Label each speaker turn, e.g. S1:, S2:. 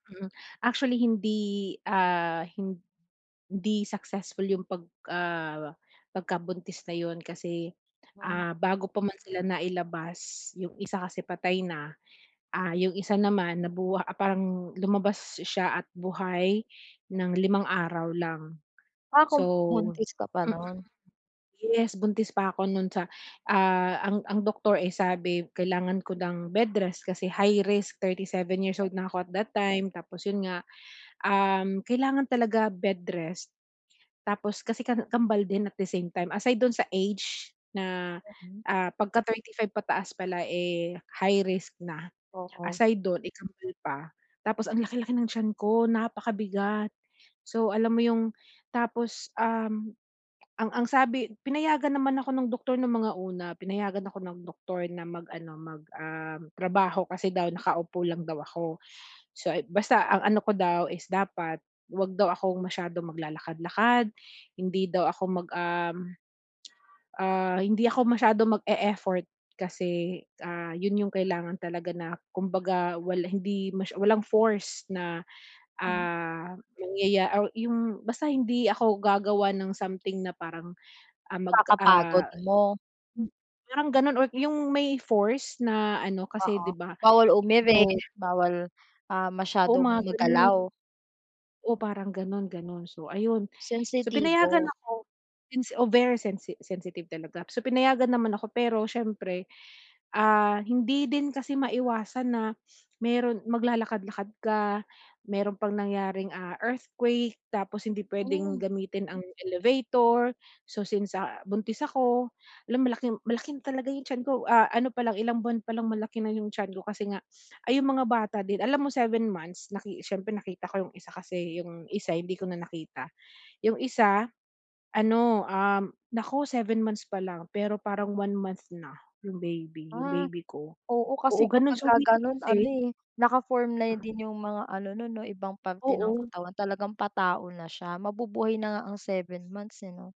S1: Hmm. Actually hindi ah, hindi successful 'yung 'pag ah, pagkabuntis na 'yun kasi,
S2: Hmm.
S1: ah, bago pa man sila nailabas, 'yung isa kasi patay na, ah, 'yung isa naman nabu ah, parang lumabas siya at buhay ng limang araw lang.
S2: Ah, kom
S1: So
S2: buntis ka pa,
S1: mm.
S2: no'n?
S1: Yes, buntis pa ako 'non sa, ah ang ang doktor, eh, sabi kailangan ko ng bed rest, kasi high risk, 37 years
S2: Hmm.
S1: old na ako at that time, tapos 'yun nga, um, kailangan talaga bed rest. Tapos kasi ka kambal din at the same time. Aside dun sa age na,
S2: Mhm.
S1: ah, 'pagka 35 pataas pala eh, high risk na,
S2: Oo.
S1: aside do'n eh, kambal pa. Tapos ang laki-laki ng tiyan ko, napakabigat. So alam mo 'yung tapos, um, ah, ang ang sabi pinayagan naman ako ng doktor ng mga una, pinayagan ako ng doktor na mag ano, mag um, trabaho kasi daw nakaupo lang daw ako. So, basta ang ano ko daw is dapat huwag daw akong masyadong maglalakad-lakad, hindi daw ako mag ah, ah, hindi ako masyadong mag-e-effort kasi, ah, 'yun 'yung kailangan talaga na kumbaga wala hindi masya walang force na,
S2: Hmm.
S1: ah, mangyaya o 'yung basta hindi ako gagawa ng something na parang, ah, mag,
S2: Kakapagod
S1: ah
S2: mo.
S1: Hmm. Parang ganun or 'yung may force na ano kasi
S2: Oo.
S1: 'di ba,
S2: Bawal
S1: kasi
S2: umiri,
S1: daw
S2: bawal, ah,
S1: Oo,
S2: masyadong
S1: mga ganun.
S2: magalaw.
S1: Oo, parang ganon ganon. So ayun. So pinayagan
S2: Sensitibo.
S1: ako since oh very sensi sensitive talaga. So, pinayagan naman ako, pero siyempre, ah, hindi din kasi maiwasan na meron maglalakad-lakad ka, meron pang nangyaring, ah, earthquake tapos hindi pwedeng
S2: Hmm.
S1: gamitin ang elevator. So since, ah, buntis ako alam malaki malaking talaga 'yung tiyan ko. Ah, ano palang ilang buwan pa lang malaki na 'yung tiyan ko kasi nga ay 'yung mga bata din alam mo 7 months naki siyempre nakita ko 'yung isa kasi, 'yung isa
S2: [unintelligible]
S1: hindi ko na nakita. 'Yung isa, ano, um, naku 7 months pa lang, pero parang 1 month na, 'yung baby 'yung
S2: Ah.
S1: baby ko.
S2: Oo
S1: Oo,
S2: kasi
S1: gano'n siya,
S2: kapagka
S1: meaning to
S2: ganon
S1: say
S2: ano eh, naka-form na
S1: Mm.
S2: din yung mga ano nun 'no, ibang parte ng
S1: Oo.
S2: katawan. Talagang patao na siya mabubuhay na nga ang 7 months, eh 'no?